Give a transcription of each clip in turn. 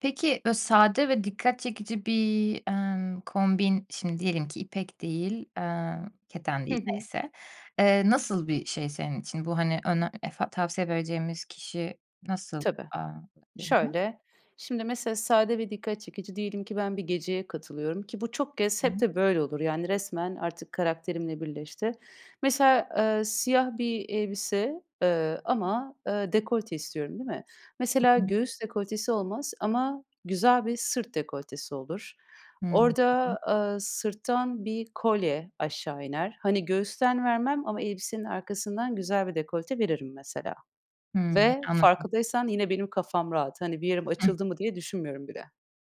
Peki bö sade ve dikkat çekici bir, emm, kombin şimdi diyelim ki ipek değil, eee, keten Hı değil hı. neyse, eee, nasıl bir şey senin için? Bu hani öne efa tavsiye vereceğimiz kişi nasıl? Tabii. Aaa. [unintelligible] Şöyle. Şimdi mesela sade ve dikkat çekici diyelim ki ben bir geceye katılıyorum ki bu çok kez hep [unintelligible] de böyle olur. Yani resmen artık karakterimle birleşti. Mesela, ııı, siyah bir elbise, ııı, ama, ııı, dekolte istiyorum, değil mi? Mesela [unintelligible] göğüs dekoltesi olmaz ama güzel bir sırt dekoltesi olur. Orada, [unintelligible] ııı, sırttan bir kolye aşağı iner. Hani göğüsten vermem ama elbisenin arkasından güzel bir dekolte veririm mesela Hımm, ve anladım. farkındaysan yine benim kafam rahat. Hani bir yerim [unintelligible] açıldı mı diye düşünmüyorum bile.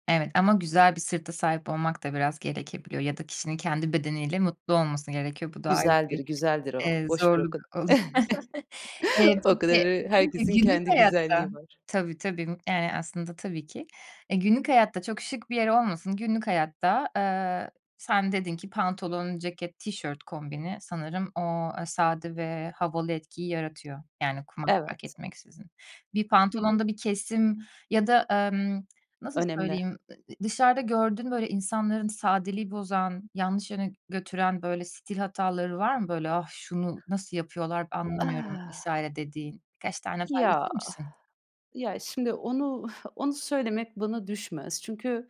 Evet ama güzel bir sırta sahip olmak da biraz gerekebiliyor ya da kişinin kendi bedeniyle mutlu olması gerekiyor. Bu da ayrı Güzeldir, bir, güzeldir o. eee, Boşver o zorluk kad ol Eee, O peki kadarı, herkesin [unintelligible] günlük kendi hayatta. güzelliği var. Tabii, tabii, eee, aslında tabii ki. Eee, günlük hayatta çok şık bir yer olmasın. Günlük hayatta, ııı, sen dedin ki pantolon, ceket, tişört kombini sanırım o sade ve havalı etkiyi yaratıyor yani kumaş fark Evet. etmeksizin. Bir Hı hı. pantolonda bir kesim ya da, emm, nasıl Önemli. söyleyeyim, [unintelligible] dışarıda gördüğün böyle insanların sadeliği bozan, yanlış yöne götüren böyle stil hataları var mı? Böyle, "Ah, şunu nasıl yapıyorlar anlamıyorum." Ah! vs. dediğin? Birkaç tane Ya, paylaşır mısın? ya şimdi onu onu söylemek bana düşmez. Çünkü,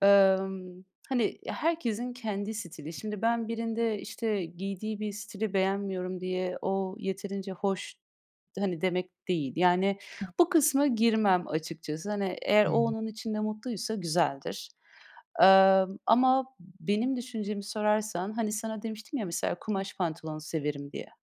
ımm, hani herkesin kendi stili. Şimdi ben birinde işte giydiği bir stili beğenmiyorum diye o yeterince hoş, hani demek değil yani [unintelligible] bu kısma girmem açıkçası. Hani eğer o Hımm. onun içinde mutluysa güzeldir, ımm, ama benim düşüncemi sorarsan, hani sana demiştim ya mesela kumaş pantolonu severim diye.